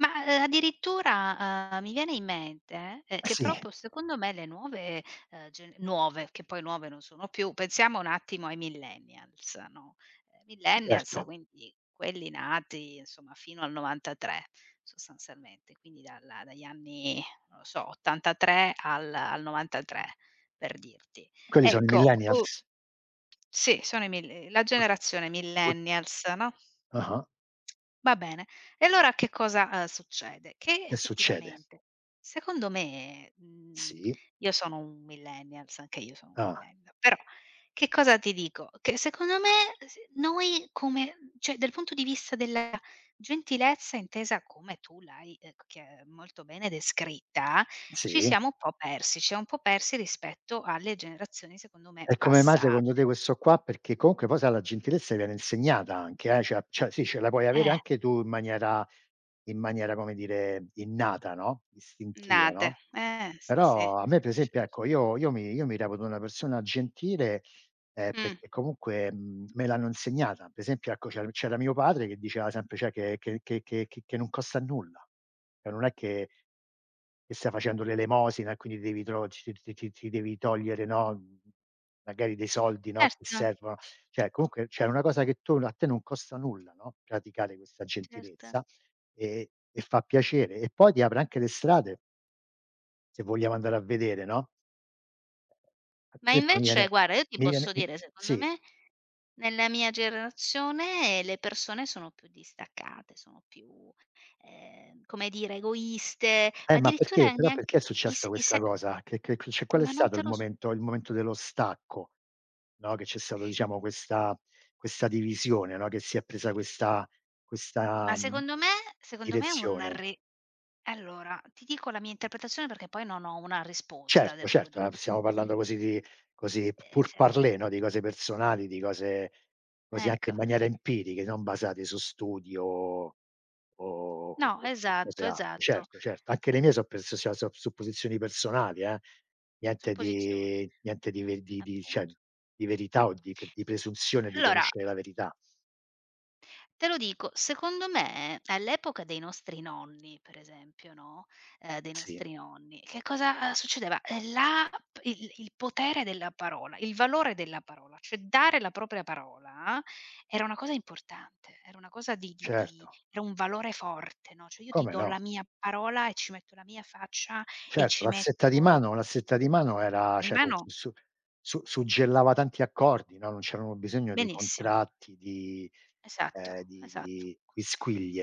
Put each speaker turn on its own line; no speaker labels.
Ma, ehm, addirittura, uhm, mi viene in mente, ehm,
E
che però
sì.
poi secondo me le nuove, ehm, ge nuove, che poi nuove non sono più, pensiamo un attimo ai Millennials, no: Millennials,
Certo.
quindi quelli nati insomma fino al '93 sostanzialmente, quindi dalla dagli anni, non lo so, '83 al al '93 per dirti.
Quelli sono i
Ecco, u
millennials?
Sì, sono i mill ehm, la generazione
[unintelligible]
Millennials, no.
Ah-ah.
Va bene. E allora che cosa, uhm, succede: che
Che succede?
effettivamente, secondo me, mhmm
Sì.
io sono un Millennials anche io sono un
Ah.
Millennial, però che cosa ti dico: che secondo me s noi come mhmm, cioè dal punto di vista della gentilezza intesa come tu l'hai, ehm, c chi ehm, molto bene descritta, ci
Sì.
siamo un po' persi. Ci siamo un po' persi rispetto alle generazioni secondo me
E come mai secondo
passate.
te questo qua? Perché comunque poi, sai, la gentilezza viene insegnata anche, eh, cioè- cioè sì, ce la
E
puoi avere
e!
anche tu in maniera in maniera, come dire, innata, no, istintiva,
Nate,
no;
eh, sì sì.
però a me per esempio, ecco,
Certo.
io io mi io mi reputo una persona gentile, ehm,
Mh.
perché comunque, mhmm, me l'hanno insegnata. Per esempio, ecco, c'er c'era mio padre che diceva sempre, cioè che che che che che che non costa nulla. Cioè non è che che stai facendo l'elemosina e quindi devi tro ci ci ci ci ci devi togliere, no, mhmm, magari dei soldi, no, che
Erto.
servono. Cioè, comunque c'è una cosa che tu a te non costa nulla, no, praticare questa
Certo.
gentilezza, ehm, e fa piacere. E poi ti apre anche le strade se vogliamo andare a vedere, no. A
Ma
te conviene
invece guarda, io ti
mi viene,
posso
mi
dire, secondo
sì.
me, nella mia generazione le persone sono più distaccate, sono più, ehm, come dire, egoiste,
Eh,
ma
ma perché?
addirittura
Però
neanche
perché è
i
successa
s i
questa
se
cosa? Che che che cioè qual è
Ma non
stato il
te lo s
momento il momento dello stacco, no, che c'è stato diciamo questa questa divisione, no, che si è presa questa questa,
Ma
mhmm,
secondo me secondo me è un
direzione?
re allora, ti dico la mia interpretazione, perché poi non ho una risposta,
Certo,
devo
certo, no,
dirti.
stiamo parlando così di così p
Ehm, certo.
pourparlers, no, di cose personali, di cose così anche in
Ecco.
maniera empiriche, non basate su studi o o o o
No,
o cose
esatto,
alte.
esatto.
Certo, certo, anche le mie so' perso sia sop supposizioni personali, eh. Niente
Supposizion
di niente ve di di di cioè
Appunto.
di verità, o di che di presunzione di
Allora
conoscere la verità.
te lo dico: secondo me all'epoca dei nostri nonni, per esempio, no, ehm dei
Sì.
nostri nonni, che cosa succedeva: ehm, la p il il potere della parola il valore della parola, cioè dare la propria parola era una cosa importante, era una cosa di di di
Certo.
era un valore forte, no. Cioè io ti
Come
do
no.
la mia parola e ci metto la mia faccia e
Certo,
ci
la stretta di
metto
mano. La stretta di mano era cioè
Prima,
con
no.
su sup su suggellava tanti accordi, no. Non c'erano bisogno di
Benissimo.
contratti, di ehm,
Esatto,
di
esatto.
di quisquilie.